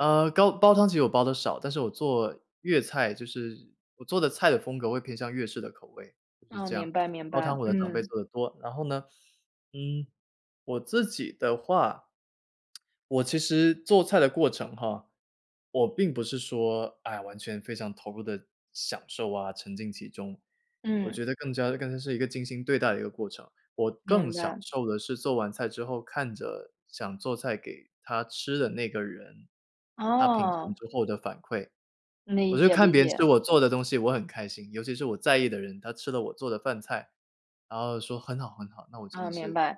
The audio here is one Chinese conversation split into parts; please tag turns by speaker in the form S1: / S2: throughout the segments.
S1: 啊，煲煲汤，其实我煲得少。但是我做粤菜就是我做的菜的风格，会偏向粤式的口味就是
S2: 哦，
S1: 这样。
S2: 明白明
S1: 煲汤
S2: 白。
S1: 我的长辈
S2: 嗯。
S1: 做得多。然后呢，嗯，我自己的话我其实做菜的过程，哈，我并不是说，哎呀，完全非常投入地享受，啊，沉浸其中。我
S2: 嗯。
S1: 觉得更加更加是一个精心对待一个过程。我更
S2: 明
S1: 享
S2: 白。
S1: 受的是做完菜之后，看着想做菜给她吃的那个人，她品尝
S2: 哦。
S1: 之后的反馈。我
S2: 理
S1: 就
S2: 解
S1: 看
S2: 理
S1: 别人吃
S2: 解。
S1: 我做的东西，我很开心。尤其是我在意的人，她吃了我做的饭菜，然后说很好很好，那我真
S2: 啊，
S1: 的
S2: 明
S1: 是
S2: 白。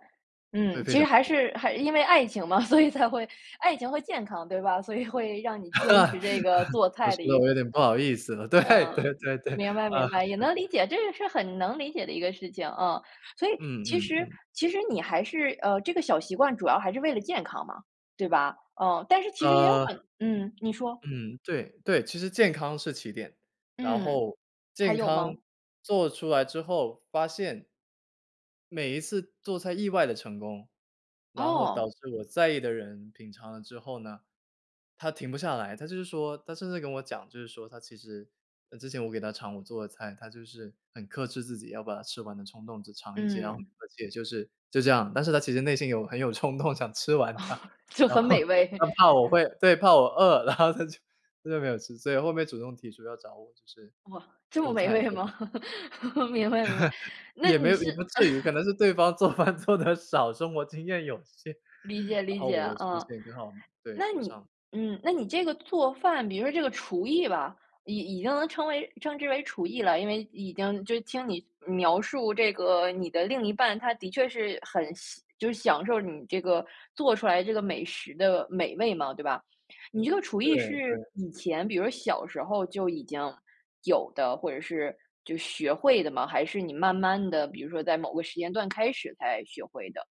S1: 会
S2: 嗯，
S1: 非
S2: 其
S1: 常
S2: 实还
S1: 开心。
S2: 是还因为爱情嘛，所以才会爱情会健康，对吧？所以会让你
S1: 啊，
S2: 坚持这个做
S1: 都
S2: 菜的
S1: 说
S2: 一
S1: 得
S2: 个习
S1: 我有点不好意思了，对
S2: 惯。嗯，
S1: 对对对，
S2: 明白明
S1: 啊，
S2: 白，也
S1: 是。
S2: 能理解这个是很能理解的一个事情，嗯。所以
S1: 嗯
S2: 其
S1: 嗯
S2: 实
S1: 嗯。
S2: 其实你还是，呃，这个小习惯主要还是为了健康嘛，对吧？嗯，但是其实也有
S1: 呃。
S2: 很嗯，你说。
S1: 嗯，对对，其实健康是起点。然
S2: 嗯，
S1: 后
S2: 还
S1: 健
S2: 有
S1: 康
S2: 吗？
S1: 做出来之后发现······每一次做菜意外的成功，然后导
S2: 哦。
S1: 致我在意的人品尝了之后呢，她停不下来。她就是说她甚至跟我讲，就是说她其实之前，我给她尝我做的菜，她就是很克制自己要把它吃完的冲动，只尝一些。然后，
S2: 嗯。
S1: 而且就是就这样，但是她其实内心有很有冲动想吃完它。
S2: 就
S1: 然
S2: 很
S1: 后
S2: 美味。
S1: 她怕我会对，怕我饿，然后她就她就没有吃。所以后面主动提出要找我，就是
S2: 哇，这么
S1: 做
S2: 美
S1: 菜、
S2: 味
S1: 做饭。
S2: 吗？明白明白，那
S1: 也没
S2: 你
S1: 有，也
S2: 是
S1: 不至于。可 能是对方做饭做得少，生活经验有限。
S2: 理解
S1: 然
S2: 理
S1: 后
S2: 解，
S1: 我的出
S2: 啊。
S1: 现刚好，对，
S2: 那
S1: 补
S2: 你
S1: 上。
S2: 嗯那你这个做饭比如说这个厨艺吧，已已经能称为称之为厨艺了。因为已经就听你描述这个，你的另一半，她的确是很享就是享受你这个做出来这个美食的美味嘛，对吧？你这个厨
S1: 对
S2: 艺是
S1: 对。
S2: 以前比如小时候就已经有的，或者是就学会的吗？还是你慢慢地，比如说在某个时间段开始，才学会的？